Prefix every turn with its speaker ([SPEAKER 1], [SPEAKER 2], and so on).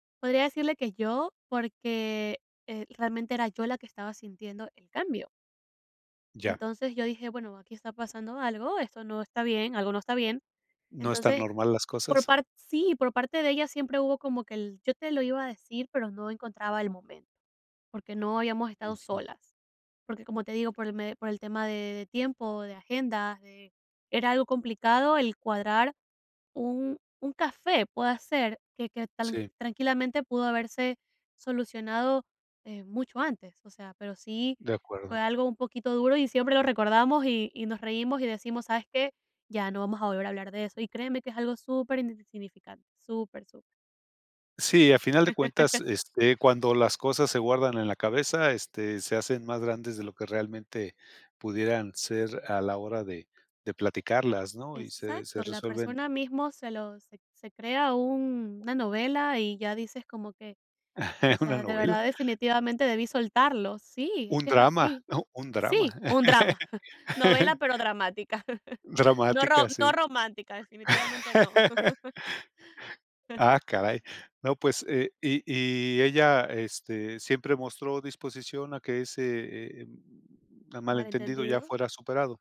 [SPEAKER 1] Podría decirle que yo, porque, eh, realmente era yo la que estaba sintiendo el cambio.
[SPEAKER 2] Ya.
[SPEAKER 1] Entonces, yo dije: "Bueno, aquí está pasando algo, esto no está bien, algo no está bien".
[SPEAKER 2] ¿No están
[SPEAKER 1] Entonces,
[SPEAKER 2] normal las
[SPEAKER 1] por
[SPEAKER 2] cosas?
[SPEAKER 1] part sí, por parte de ella siempre hubo como que el: "Yo te lo iba a decir, pero no encontraba el momento, porque no habíamos estado
[SPEAKER 2] Ujú.
[SPEAKER 1] solas", porque, como te digo, por el me por el tema de de tiempo, de agenda, de era algo complicado el cuadrar un un café, pueda ser, eh, que que tran
[SPEAKER 2] Sí.
[SPEAKER 1] tranquilamente pudo haberse solucionado, eh, mucho antes, o sea, pero sí
[SPEAKER 2] De
[SPEAKER 1] fue
[SPEAKER 2] acuerdo.
[SPEAKER 1] algo un poquito duro, y siempre lo recordamos, y y nos reímos y decimos: "¿Sabes qué? Ya no vamos a volver a hablar de eso", y créeme que es algo super, [unintelligible] super, super.
[SPEAKER 2] Sí, a final de cuentas, este, cuando las cosas se guardan en la cabeza, este, se hacen más grandes de lo que realmente pudieran ser a la hora de de platicarlas, ¿no?, y se se
[SPEAKER 1] Exacto, la
[SPEAKER 2] resuelven
[SPEAKER 1] persona mismo se lo se se crea un una novela, y ya dices como que: "O
[SPEAKER 2] Una
[SPEAKER 1] sea, de
[SPEAKER 2] novela.
[SPEAKER 1] verdad definitivamente debí soltarlo", sí, es
[SPEAKER 2] Un
[SPEAKER 1] que es
[SPEAKER 2] drama,
[SPEAKER 1] así
[SPEAKER 2] ¿no?, un drama.
[SPEAKER 1] Sí, un drama, novela, pero dramática. No ro
[SPEAKER 2] Dramática,
[SPEAKER 1] no
[SPEAKER 2] sí.
[SPEAKER 1] romántica, definitivamente, no.
[SPEAKER 2] Ah, caray. No, pues, eh, y y ella, este, ¿siempre mostró disposición a que ese, eh, mm, malentendido ya
[SPEAKER 1] Malentendidos.
[SPEAKER 2] fuera superado?